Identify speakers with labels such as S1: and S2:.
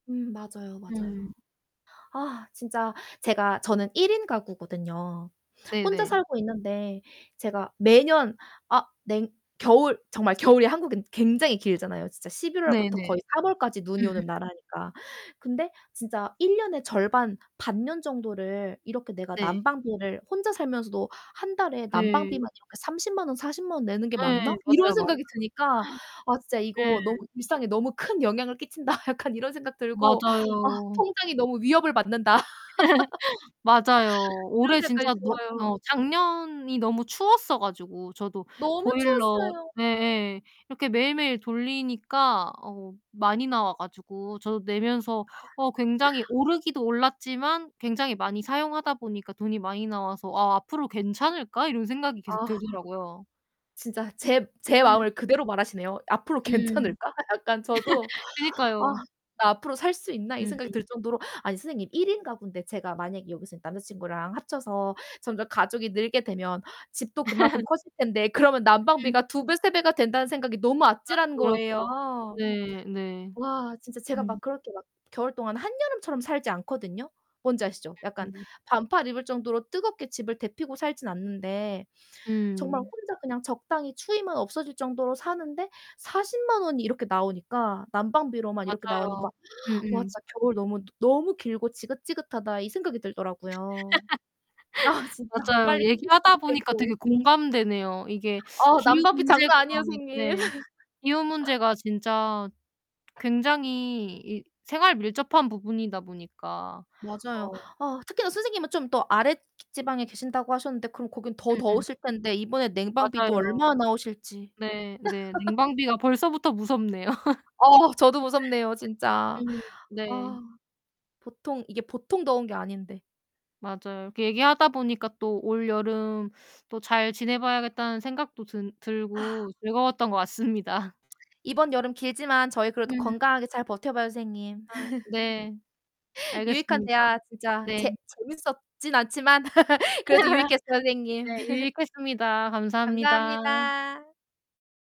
S1: 음 맞아요, 맞아요.
S2: 음.
S1: 아 진짜 제가 저는 1 인 가구거든요. 혼자
S2: 네네.
S1: 살고 있는데 제가 매년 아 냉 겨울 정말 겨울이 한국은 굉장히 길잖아요 진짜 11 월부터
S2: 네네.
S1: 거의 3 월까지 눈이
S2: 음음.
S1: 오는 나라니까. 근데 진짜 '1 년에 절반 반년 정도를 이렇게 내가
S2: 네.
S1: 난방비를 혼자 살면서도 1 달에
S2: 네.
S1: 난방비만 이렇게 300,000 원 400,000 원 내는 게
S2: 네
S1: 맞나?' 이런
S2: 맞아요, 맞아요.
S1: 생각이 드니까 '아 진짜
S2: 네.
S1: 이거 너무 일상에 너무 큰 영향을 끼친다.' 약간 이런 생각 들고 '아
S2: 맞아요.
S1: 통장이 너무 위협을 받는다.'
S2: 맞아요.
S1: 이런
S2: 올해
S1: 생각까지
S2: 진짜 너
S1: 들어요.
S2: 어 작년이 너무 추웠어 가지고 저도
S1: 너무
S2: 보일러
S1: 추웠어요.
S2: 네예 이렇게 매일매일 돌리니까 어 많이 나와 가지고 저도 내면서 어 굉장히 오르기도 올랐지만 굉장히 많이 사용하다 보니까 돈이 많이 나와서 '어 앞으로 괜찮을까?' 이런 생각이 계속
S1: 아.
S2: 들더라고요.
S1: 진짜 제 제
S2: 응.
S1: 마음을 그대로 말하시네요. '앞으로
S2: 음.
S1: 괜찮을까?' 약간 저도 '아
S2: 그니까요.
S1: 나 앞으로 살 수 있나?' 이
S2: 음음.
S1: 생각이 들 정도로 아니 선생님 1 인 가구인데 제가 만약에 여기서 남자친구랑 합쳐서 점점 가족이 늘게 되면 집도 그만큼 커질 텐데 그러면
S2: 응.
S1: 난방비가 2 배, 3 배가 된다는 생각이 너무 아찔한
S2: 그렇죠,
S1: 거예요.
S2: 그렇죠. 네 네.
S1: 와 진짜 제가
S2: 음.
S1: 막 그렇게 막 겨울 동안 한여름처럼 살지 않거든요. 뭔지 아시죠? 약간
S2: 음.
S1: 반팔 입을 정도로 뜨겁게 집을 데우고 살지는 않는데 정말
S2: 음.
S1: 혼자 그냥 적당히 추위만 없어질 정도로 사는데 400,000 원이 이렇게 나오니까 난방비로만 이렇게
S2: 맞아요.
S1: 나오니까 '와
S2: 음음.
S1: 진짜 겨울 너무 너무 길고 지긋지긋하다.' 이 생각이 들더라고요. 아 진짜
S2: 맞아요.
S1: 빨리 끝났으면
S2: 얘기하다 보니까 되게
S1: 좋겠고.
S2: 공감되네요. 이게
S1: 어
S2: 기후
S1: 난방비 장난
S2: 문제가
S1: 아니에요 선생님.
S2: 네 기후 문제가 진짜 굉장히 이 생활 밀접한 부분이다 보니까
S1: 맞아요.
S2: 어
S1: 아 특히나 선생님은 좀 더 아래 지방에 계신다고 하셨는데 그럼 거기는 더
S2: 음음.
S1: 더우실 텐데 이번에 냉방비도
S2: 맞아요.
S1: 얼마나 나오실지.
S2: 네 네. 냉방비가 벌써부터 무섭네요.
S1: 어 저도 무섭네요 진짜.
S2: 음 네.
S1: 아 보통 이게 보통 더운 게 아닌데.
S2: 맞아요. 이렇게 얘기하다 보니까 또 올여름 또 잘 지내 봐야겠다는 생각도 든 들고 즐거웠던 것 같습니다.
S1: 이번 여름 길지만 저희 그래도
S2: 음.
S1: 건강하게 잘 버텨 봐요, 선생님.
S2: 아 네.
S1: 유익한
S2: 알겠습니다.
S1: 대화 진짜
S2: 네.
S1: 재 재밌었지는 않지만 그래도 유익했어요 선생님.
S2: 네 유익했습니다. 감사합니다.
S1: 감사합니다.